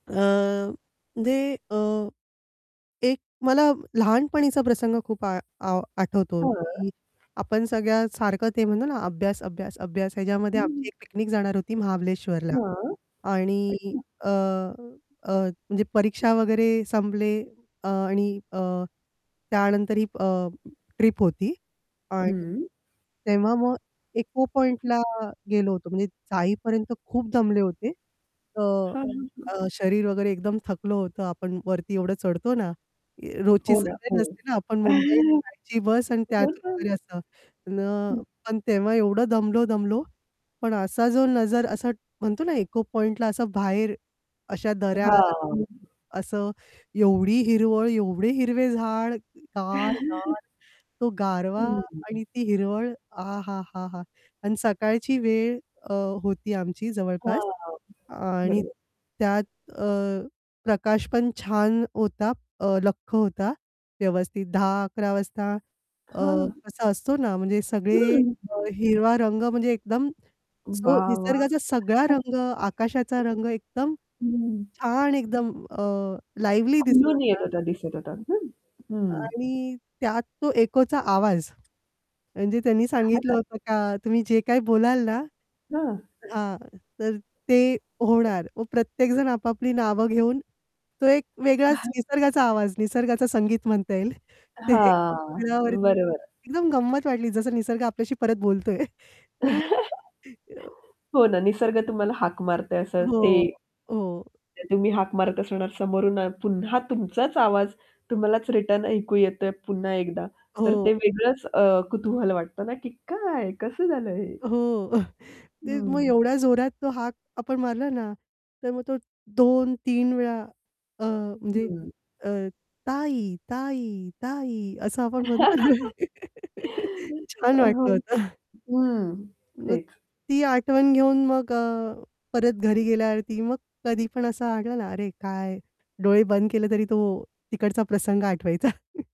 अ, ते अ, एक मला लहानपणीचा प्रसंग खूप आ आ आठवतो हां. की आपण सगळ्यासारखं ते म्हणतो ना, अभ्यास, अभ्यास, अभ्यास ह्याच्यामध्ये हं, आमची हं. एक पिकनिक जाणार होती महाबळेश्वरला हां. आणि अच्छा. अ, अ, म्हणजे परीक्षा वगैरे संपले अ, आणि अ, त्यानंतरही अ, ट्रिप होती आणि हं. तेव्हा मग इको पॉइंटला गेलो होतो म्हणजे जाईपर्यंत खूप दमले होते. तर हां, हां, हां. अ, शरीर वगैरे एकदम थकलं होतं. आपण वरती एवढं चढतो ना, रोजची हो ना. सवय हो. नसते ना, आपण मुंबईत [unintelligible] ची बस आणि हो त्यातून ना. वगैरे असं, पण अ हं. पण अ, तेव्हा एवढं दमलो, दमलो. पण असा जो नजर असं म्हणतो ना, इको पॉइंटला असं बाहेर अशा दऱ्या, हां. असं एवढी हिरवळ, एवढे हिरवे झाड, गार, गार तो गारवा हं, हं. आणि ती हिरवळ आहाहाहा! आणि सकाळची वेळ अ, होती आमची जवळपास. हां, हां, अ, आणि बरोबर. त्यात अ, प्रकाश पण छान होता अ, लख्ख होता व्यवस्थित 10:00-11:00 वाजता अ, हां. कसा असतो ना, म्हणजे सगळे हं. [unintelligible] अ, हिरवा रंग म्हणजे एकदम जो वाह, वाह! निसर्गाचा सगळा रंग, आकाशाचा रंग एकदम [unintelligible] हं. छान, एकदम अ, लिव्हली दिसत खुलून येत होता. होता, दिसत होता. हं, हं. आणि त्यात तो एकोचा आवाज म्हणजे त्यांनी सांगितलं होतं का तुम्ही जे काय बोलाल ना हां. हां. तर ते होणार. मग प्रत्येक जण आपापली नावं घेऊन तो एक वेगळाच निसर्गाचा आवाज, निसर्गाचं संगीत म्हणता येईल. ते हां, [unintelligible] बरोबर. एकदम गंमत वाटली जसं निसर्ग आपल्याशी परत बोलतोय. अ हो ना, निसर्ग तुम्हाला हाक मारतोय असं हो, ते हो. तुम्ही हाक मारत असणार समोरून पुन्हा तुमचाच आवाज तुम्हालाच रिटर्न ऐकू येतोय, पुन्हा एकदा तर हो. ते वेगळंच अ, कुतूहल वाटतं ना की "काय? कसं झालं हे?" हो. ते मग हं. एवढ्या जोरात तो हाक आपण मारला ना, तर मग तो 2-3 वेळा अ, म्हणजे हं. अ, ताई, ताई, ताई, असं आपण म्हणतो ना. छान वाटलं होतं. [unintelligible] हं. मग तेच. ती आठवण घेऊन मग अ, परत घरी गेल्यावरती मग कधीपण असं आलं ना, अरे, काय डोळे बंद केले तरी तो तिकडचा प्रसंग आठवायचा.